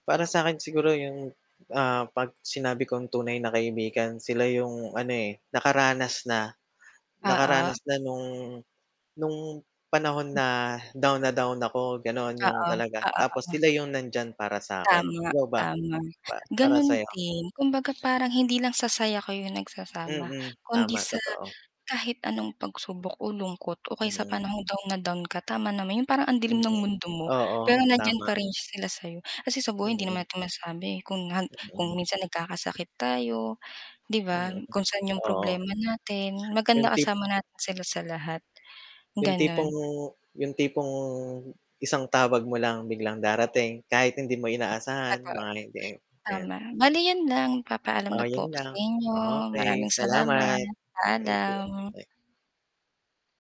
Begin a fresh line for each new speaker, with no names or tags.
Para sa akin siguro 'yong 'pag sinabi kong tunay na kaibigan, sila 'yong ano eh, nakaranas na,
Oo.
nakaranas na no'ng no'ng panahon na down na down ako ganoon 'yong
Oo,
talaga,
oo,
tapos
oo.
sila 'yong nandiyan para sa 'kin.
Tama,
Ikaw ba?
tama.
Para sa
Ganun
'yo?
din kumbaga parang hindi lang sa saya kayo nagsasama,
Mm,
kundi
tama,
sa
totoo.
kahit anong pagsubok o lungkot, o kaya sa
Mm.
panahong down na down ka, tama naman, yung parang ang
Mm,
dilim ng mundo mo,
oo
pero nandiyan
tama.
pa rin sila sayo, kasi sa buhay hindi naman
Mm.
natin masabi kung han kung
Mm.
minsan nagkakasakit tayo, 'di ba?
Mm,
Kung sa'n yung
oo.
problema natin.
Yung
Maganda
tip
kasama natin sila sa lahat,
yung
gano'n.
tipong yung tipong isang tawag mo lang, biglang darating kahit hindi mo inaasahan,
Totoo.
mga hindi, 'yan.
Tama bali yun lang, magpapaalam
Oh,
na po
yun
ako sa
lang,
inyo,
okey.
maraming
Salamat,
salamat,
thank you.
paalam.